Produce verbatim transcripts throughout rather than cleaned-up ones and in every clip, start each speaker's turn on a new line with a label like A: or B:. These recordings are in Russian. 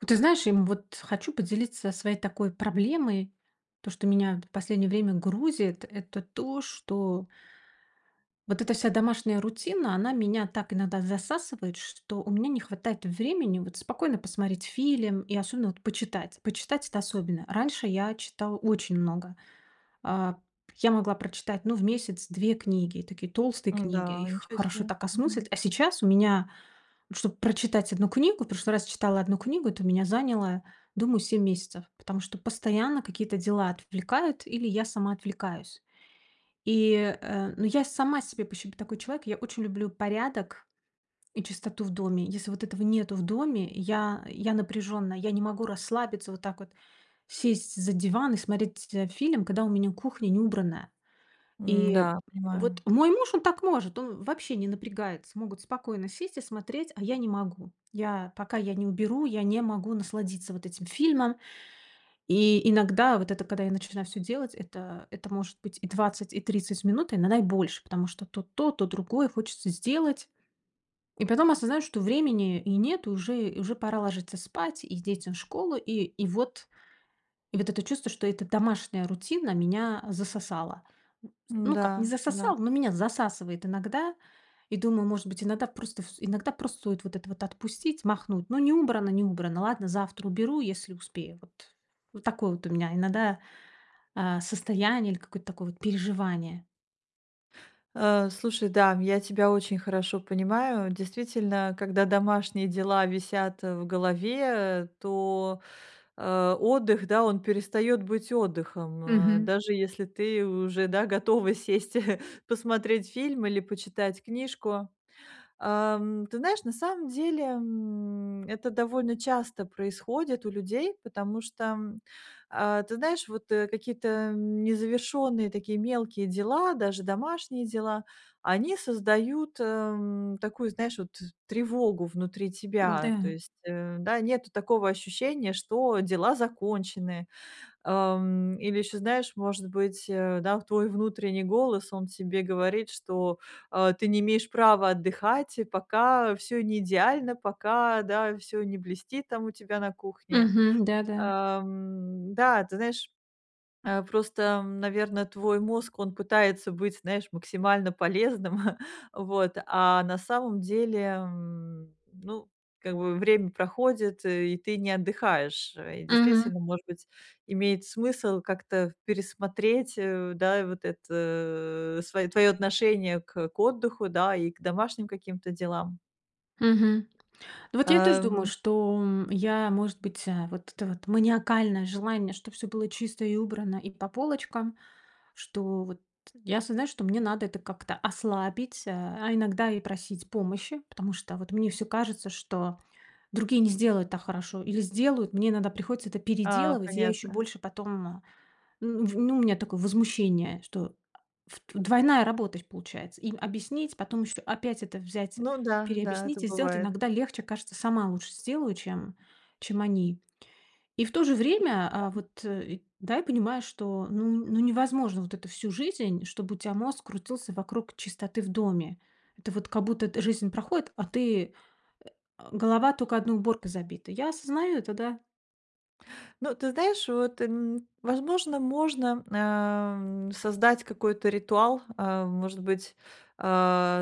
A: Вот, ты знаешь, и, м, вот хочу поделиться своей такой проблемой, то, что меня, это, в последнее время грузит, это то, что вот эта вся домашняя рутина, она меня так иногда засасывает, что у меня не хватает времени, вот, спокойно посмотреть фильм, и особенно, вот, почитать. Почитать- это особенно. Раньше я читала очень много. Э, я могла прочитать, ну, в месяц две книги, такие толстые книги,
B: М-да,
A: их
B: ничего
A: хорошо
B: себе,
A: так осмыслить.
B: мгм.
A: А сейчас у меня, вот, чтобы прочитать одну книгу, в прошлый раз читала одну книгу, это у меня заняло, думаю, семь месяцев, потому что постоянно какие-то дела отвлекают или я сама отвлекаюсь. И, э, ну, я сама себе, в пощем, такой человек. Я очень люблю порядок и чистоту в доме. Если вот этого нету в доме, я я напряженная, я не могу расслабиться вот так вот, сесть за диван и смотреть ть э, фильм, когда у меня кухня не убранная.
B: М,
A: И,
B: да,
A: вот,
B: понимаю.
A: мой муж, он так может, он вообще не напрягается. Могут спокойно сесть и смотреть, а я не могу. Я пока, я не уберу, я не могу насладиться вот этим фильмом. И иногда, вот это, когда я начинаю всё делать, это это может быть и двадцать, и тридцать минут, иногда и больше, потому что то, то, то другое хочется сделать. И потом осознаю, что времени и нет, уже уже пора ложиться спать и детям в школу. И и вот. И вот это чувство, что эта домашняя рутина меня засосала. Ну как, не
B: М-да, да.
A: засосала, но меня засасывает иногда. И думаю, может быть, иногда просто всё иногда просто стоит вот это вот отпустить, махнуть. Ну не убрано, не убрано, ладно, завтра уберу, если успею. Вот. Вот такое вот у меня иногда, э, состояние или какое-то такое, вот, переживание.
B: Э, слушай, да, я тебя очень хорошо понимаю, действительно, когда домашние дела висят в голове, то, э, отдых, да, он перестает быть отдыхом, э,
A: Мгм.
B: даже если ты уже, да, готова сесть посмотреть фильм или почитать книжку. Эм, ты знаешь, на самом деле, м, это довольно часто происходит у людей, потому что, м, э, ты знаешь, вот, э, какие-то, эм, незавершённые, такие, мелкие дела, даже домашние дела, они создают, эм, такую, знаешь, вот, тревогу внутри тебя. То
A: М-да.
B: есть, э, да, нету такого ощущения, что дела закончены. Эм, или ещё знаешь, может быть, э, да, твой внутренний голос, он тебе говорит, что, э, ты не имеешь права отдыхать, и пока всё не идеально, пока, да, всё не блестит, там, у тебя на кухне.
A: Мгм, да-да.
B: Эм, да, ты знаешь, э, просто, наверно, твой мозг, он пытается быть, знаешь, максимально полезным, вот, а на самом деле, м, ну, как бы, время проходит, и ты не отдыхаешь. И
A: Мгм.
B: действительно, может быть, имеет смысл как-то пересмотреть, э, да, вот это свое твоё отношение к к отдыху, да, и домашним каким-то делам.
A: Мгм. Ну вот, я тоже думаю,
B: Эм.
A: что, м, я, может быть Вот это вот маниакальное желание, чтобы всё было чисто и убрано, и по полочкам, что, вот, я осознаю, что мне надо это как-то ослабить, э, а иногда и просить помощи. Потому что, вот, мне всё кажется, что другие не сделают так хорошо или сделают, мне иногда приходится это
B: А,
A: переделывать, и я еще
B: понятно.
A: больше потом, ну, в ну, у меня такое возмущение, что, ф двойная работа, то есть, получается. Им объяснить, потом еще опять это взять,
B: Ну да, да, это
A: переобъяснить и сделать.
B: бывает.
A: Иногда легче, кажется, сама лучше сделаю, чем чем они. И в то же время, э,
B: [unintelligible]
A: вот, да, я понимаю, что ну ну, невозможно вот это всю жизнь, чтобы у тебя мозг крутился вокруг чистоты в доме. Это вот, как будто, эт жизнь проходит, а ты, э, а, голова тока одной уборкой забита. Я осознаю это, да.
B: Ну, ты знаешь, вот, м, возможно можно, э, м, создать какой-то ритуал. Э, может быть, э,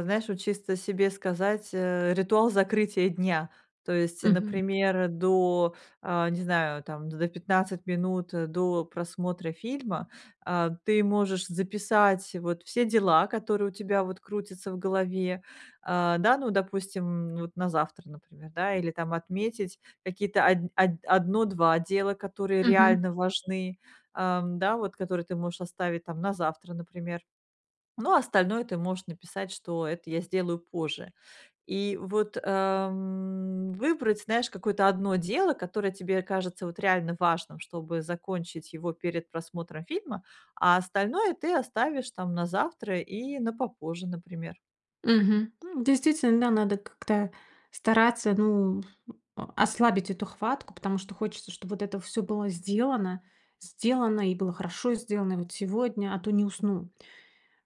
B: знаешь, вот чисто себе сказать, э, ритуал закрытия дня. То есть,
A: Мгм.
B: например, до, э, не знаю, там, за пятнадцать минут до просмотра фильма, э, ты можешь записать, вот, все дела, которые у тебя, вот, крутятся в голове. Э, да, ну, допустим, вот, на завтра, например, да, или там отметить какие-то од од одно два дела, которые
A: Мгм.
B: реально важны, э да, вот, которые ты можешь оставить, там, на завтра, например. Ну, а остальное ты можешь написать, что это я сделаю позже. И вот, эм, выбрать, знаешь, какое-то одно дело, которое тебе кажется, вот, реально важным, чтобы закончить его перед просмотром фильма, а остальное ты оставишь, там, на завтра и на попозже, например.
A: Мгм, м, действительно, надо как-то стараться, ну, м, а, ослабить эту хватку, потому что хочется, чтоб вот это всё было сделано. Сделано и было хорошо сделано, и вот сегодня, а то не усну.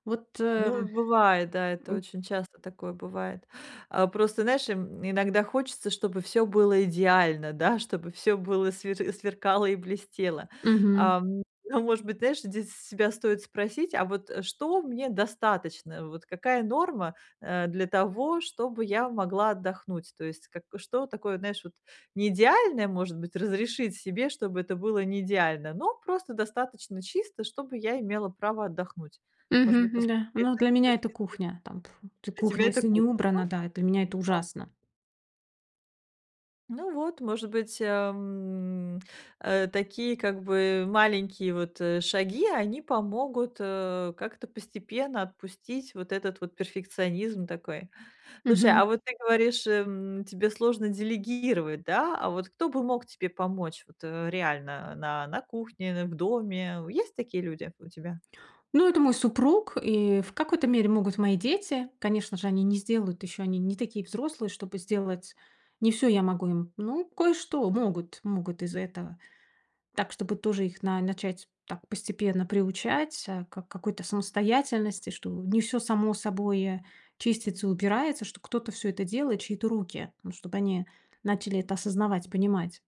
A: Вот, э,
B: Ну
A: м.
B: бывает, да, это
A: М
B: очень часто такое бывает. А просто, знаешь, м, иногда хочется, чтобы всё было идеально, да, чтобы всё было свер сверкало и блестело.
A: Мгм.
B: А, м, ну, может быть, знаешь, здесь с себя стоит спросить: "А вот, э, что мне достаточно? Вот какая норма, э, для того, чтобы я могла отдохнуть?" То есть как, э, что такое, знаешь, вот не идеальное, может быть, разрешить себе, чтобы это было не идеально, но просто достаточно чисто, чтобы я имела право отдохнуть. Может быть,
A: Мгм,
B: посмотреть
A: да. Ну,
B: с
A: для
B: этой
A: меня-
B: точки
A: это
B: зрения,
A: кухня, Там, пф т
B: что тебя
A: кухня,
B: это?
A: если не
B: [unintelligible]
A: убрана, да, для меня это
B: Ага.
A: ужасно.
B: Ну вот, может быть, э, м, э, такие, как бы маленькие вот, э, шаги, они помогут, э, как-то постепенно отпустить вот этот вот перфекционизм такой. Слушай, а
A: Мгм.
B: вот ты говоришь, э, м, тебе сложно делегировать, да, а вот кто бы мог тебе помочь вот, э, реально на на кухне, н в доме? Есть такие люди у тебя?
A: Ну, это мой супруг, и в какой-то мере могут мои дети. Конечно же, они не сделают ещё, они не такие взрослые, чтобы сделать не всё я могу им, ну, кое-что могут могут из этого. Так, чтобы тоже их на начать так постепенно приучать, э, к какой-то самостоятельности, что не всё само собой чистится и убирается, что кто-то всё это делает чьи-то руки, ну чтобы они начали это осознавать и понимать.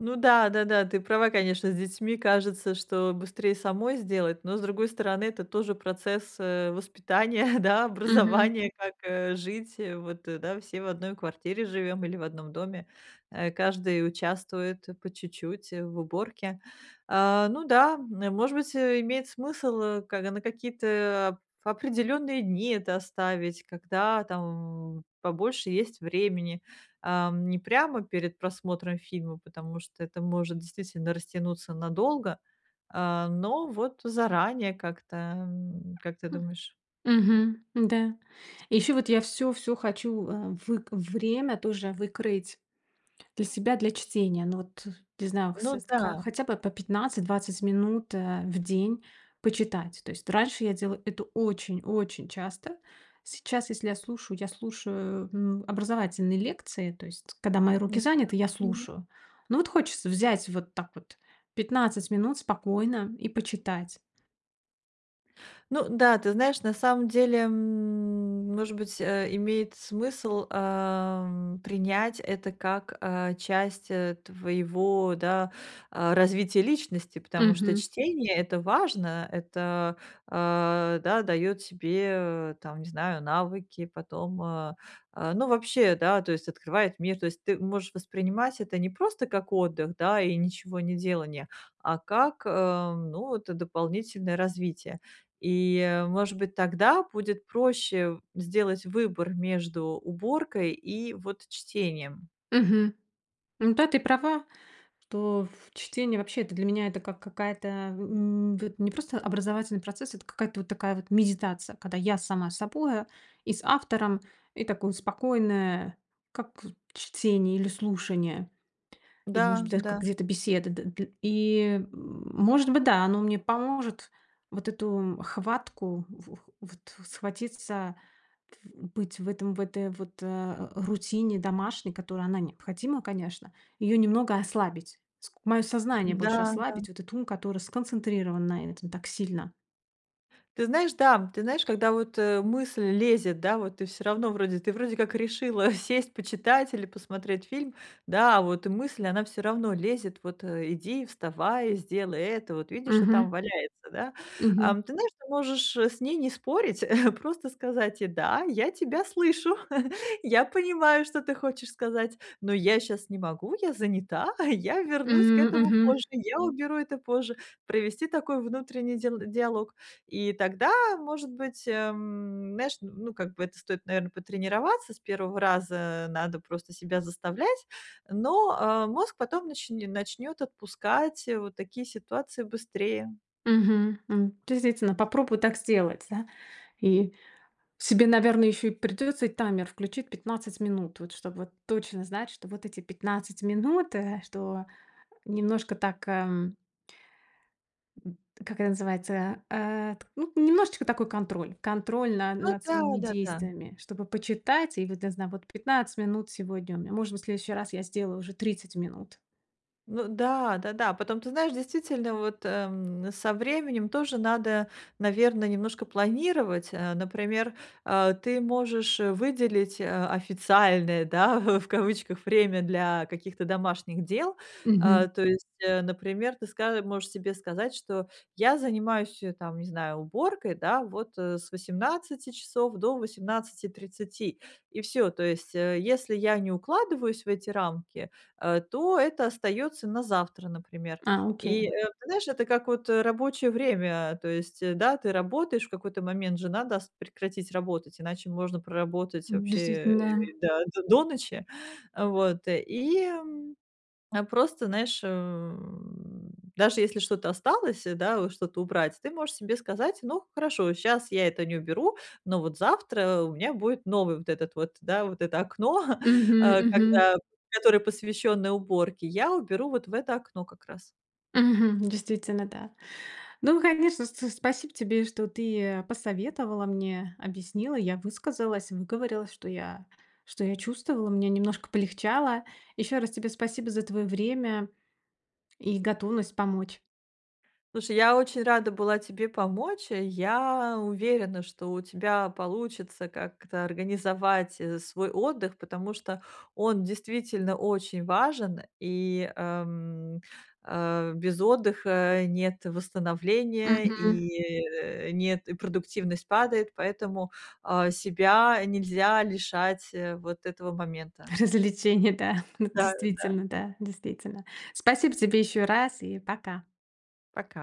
B: Ну да, да-да, ты права, конечно, с детьми. Кажется, что быстрее самой сделать, но с другой стороны, это тоже процесс, э, воспитания, да,
A: Мгм.
B: образования, как, э, жить. Э. Вот, да, все в одной квартире живём или в одном доме, э, каждый участвует, э, по чуть-чуть, э, в уборке. А, ну да, н может быть, э, имеет смысл, э, ка на какие-то оп определённые дни это оставить, когда, там, побольше есть времени, ам, не прямо перед просмотром фильма, потому что это может действительно растянуться надолго, а, но вот заранее как-то, м, как ты
A: Хм.
B: думаешь?
A: Мгм. Да. И ещё вот я всё всё хочу, э, вык время тоже выкроить для себя для чтения. Ну, вот, э, не знаю
B: Ну
A: с ка
B: да.
A: хотя бы по пятнадцать двадцать минут, а, в день почитать. То есть раньше я делала это очень, очень часто. Сейчас, если я слушаю, я слушаю, ну, образовательные лекции, то есть когда мои
B: Ну
A: руки заняты, я
B: да. Мгм.
A: слушаю. Но вот хочется взять вот так вот пятнадцать минут спокойно и почитать.
B: Ну да, ты знаешь, на самом деле, м, может быть, э, имеет смысл, ам, принять это как, а, часть, э, твоего, да, а, развития личности, потому что
A: Мгм.
B: чтение- это важно, это, а, да, даёт тебе, там, не знаю, навыки потом, а, а, ну, вообще, да, то есть открывает мир. То есть ты можешь воспринимать это не просто как отдых, да, и ничегонеделание, а как, э, ну, это дополнительное развитие. И, может быть, тогда будет проще сделать выбор между уборкой и вот чтением.
A: Мгм. Ну да, ты права, что в чтение, вообще, это для меня это как какая-то, м, вот не просто образовательный процесс, это какая-то вот такая вот медитация, когда я сама с собой, а, и с автором, и такое спокойное, как вот чтение или слушание, или, может быть, даже как
B: Да-да.
A: где-то беседа, да дл и, м, может быть, да, оно мне поможет вот эту хватку, в в вот, схватиться, тф быть в этом в этой вот э, а, рутине домашней, которая, она необходима, конечно, ее немного ослабить. Ск моё сознание больше
B: М-да, да.
A: ослабить, вот этот ум, который сконцентрирован на этом так сильно.
B: Ты знаешь, да. Ты знаешь, когда вот, э, мысль лезет, да, вот ты всё равно вроде ты вроде как решила сесть, почитать или посмотреть фильм, да, а вот мысль, она всё равно лезет вот, э: "Иди, вставай, сделай это. Вот видишь, что там
A: Мгм.
B: валяется да?"
A: Мгм.
B: Ам, ты знаешь, ты можешь, э, с ней не спорить, просто сказать ей: "Да, я тебя слышу. Я понимаю, что ты хочешь сказать. Но я щас не могу. Я занята. Я вернусь к
A: М,
B: этому
A: мгм.
B: позже. Я уберу это позже". Провести такой внутренний дил диалог. И тогда, может быть, э, м, мяш, ну, как бы это стоит, наверно, потренироваться. C первого раза надо просто себя заставлять. Но, а, мозг потом начн начнёт отпускать, э, вот такие ситуации быстрее.
A: Мгм. М, дейзительно, попробую так сделать. Себе, наверное, ещё и придётся и таймер включить пятнадцать минут, вот чтоб вот точно знать, что вот эти пятнадцать минут, э, что немножко так, ам м, как это называется? А, т ну, немножечко такой контроль. Контроль на
B: Ну
A: над своими
B: да-да-да.
A: действиями, чтобы почитать. И вот, для зна вот пятнадцать минут сегодня у меня, может быть, в следующий раз я сделаю уже тридцать минут.
B: Ну да-да-да. Потом, ты знаешь, действительно, вот, ам, со временем тоже надо, наверно, немножко планировать, а. Например, а ты можешь, э, выделить, а, официальное, да, в в, кавычках, "время" для каких-то домашних дел.
A: Мгм.
B: А, то есть, э, например, ты ска можешь себе сказать, что: "Я занимаюсь, э, там не знаю, уборкой, да, вот, э, с восемнадцати часов до восемнадцати тридцати". И всё. То есть, э, если я не укладываюсь в эти рамки, а, то это остаётся на завтра, например.
A: А,
B: И,
A: окей.
B: э, ты знаешь, это как, вот, э, рабочее время, то есть, э, да, ты работаешь в какой-то момент, же надо ст прекратить работать, иначе можно проработать
A: М,
B: вообще, э,
A: действительно.
B: да, до до ночи. Э, вот, э. И, м, а, просто, знаешь, м, даже если что-то осталось, э, да, вот что-то убрать, ты можешь себе сказать: "Ну хорошо, щас я это не уберу, но вот завтра у меня будет новый вот этот вот, да, вот это окно, а,
A: Мгм-мгм.
B: когда которое посвященное уборке. Я уберу вот в это окно как раз".
A: Мгм, действительно, да. Ну, конечно, с с спасибо тебе, что ты, э, посоветовала мне, объяснила. Я высказалась, выговорилась, что я что я чувствовала. Мне немножко полегчало. Ещё раз тебе спасибо за твоё время и готовность помочь.
B: Слушай, я очень рада была тебе помочь. Э, я уверена, что у тебя получится как-то организовать, э, свой отдых, потому что он действительно очень важен, и, ам, а, без отдыха нет восстановления,
A: Мгм.
B: и нет и продуктивность падает, поэтому, а, себя нельзя лишать, э, вот этого момента.
A: Развлечения, да, ну
B: Да-да.
A: действительно, да, действительно. Спасибо тебе ещё раз и пока!
B: Пока.